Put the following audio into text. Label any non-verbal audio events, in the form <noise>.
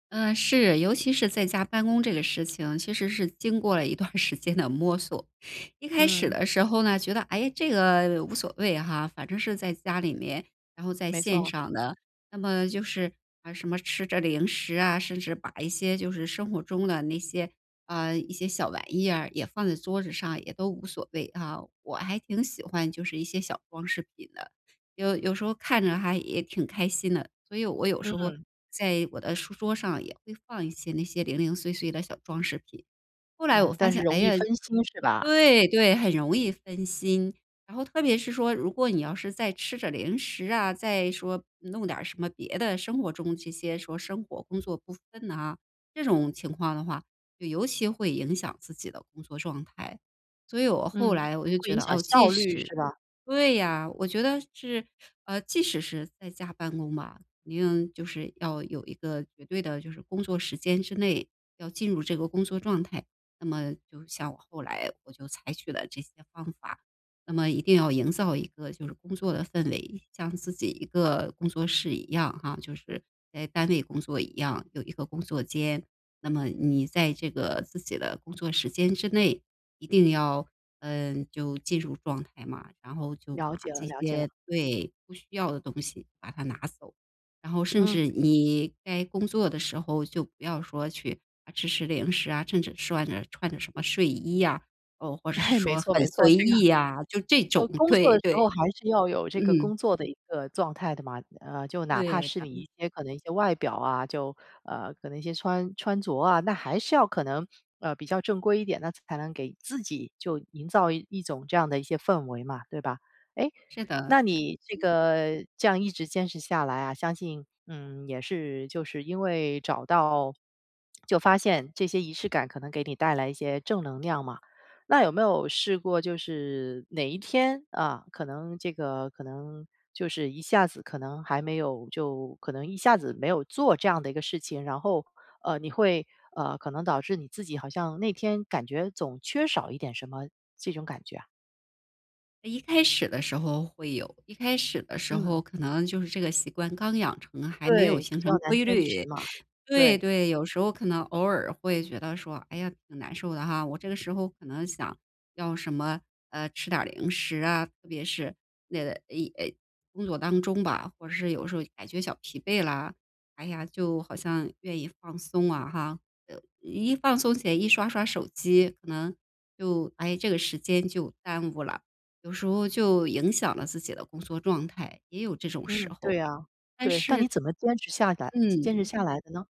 嗯，是，尤其是在家办公这个事情，其实是经过了一段儿时间的摸索。一开始嗯。的时候呢，觉得，哎，这个无所谓哈，反正是在家里面，然后在没线错。上的。那么就是，呃，什么吃着零食啊，甚至把一些就是生活中的那些，啊，一些小玩意啊，也放在桌子上，也都无所谓啊。我还挺喜欢就是一些小装饰品的，有有时候看着还也挺开心的，所以我有嗯时候嗯。在我的书桌上也会放一些那些零零碎碎的小装饰品。后来我嗯，发但是现，容哎易呀，分心，是吧？对对，很容易分心。然后特别是说，如果你要是再吃着零食啊，再说弄点儿什么别的生活中这些说生活工作不分呐。这种情况的话，就尤其会影响自己的工作状态。所以我后嗯，来我就会觉影得，响哦，即效率，使是吧？对呀，我觉得是，呃，即使是在家办公吧，一定就是要有一个绝对的就是工作时间之内，要进入这个工作状态。那么像我后来，我就采取了这些方法。那么一定要营造一个就是工作的氛围，像自己一个工作室一样啊就是在单位工作一样，有一个工作间。那么你在这个自己的工作时间之内，一定要，嗯，就进入状态嘛。然后就了把解了这了解了。些，对，不需要的东西把它拿走。然后甚嗯。至你该工作的时候，就不要说去吃吃零食啊，甚至穿着穿着什么睡衣啊，哦，或者是哎，没说很错没错，随这个意啊，就这就种。工作对的时候对。还是要有这个嗯。工作的一个状态的嘛。呃，就哪怕对，是咱你们一些可能一些外表啊，就，呃，可能一些穿穿着啊。那还是要可能，呃，比较正规一点，那才能给自己就营造一种这样的一些氛围嘛，对吧？哎，是的，那是。你这个这样一直坚持下来啊，相信，嗯，也是就是因为找到 <smacks lips> 就发现这些仪式感可能给你带来一些正能量嘛。那有没有试过就是哪一天，啊，可能这个可能就是一下子可能还没有就可能一下子没有做这样的一个事情，然后，呃，你会，呃，可能导致你自己好像那天感觉总缺少一点什么这种感觉啊？一开始的时候会有，一开始的时候嗯。可能就是这个习惯刚养成还没有对，形比成较难规坚持律。嘛。对对。对，有时候可能偶尔会觉得说：“哎呀，挺难受的哈。”我这个时候可能想要什么，呃，吃点儿零食啊，特别是那个，哎，哎，工作当中吧。或者是有时候感觉小疲惫了，哎呀，就好像愿意放松啊哈。呃，一放松起来，一刷刷手机，可能就哎，这个时间就耽误了。有时候就影响了自己的工作状态，也有这种时嗯，对候。啊，但对。但是你怎么坚持下呆坚持嗯。下来的呢？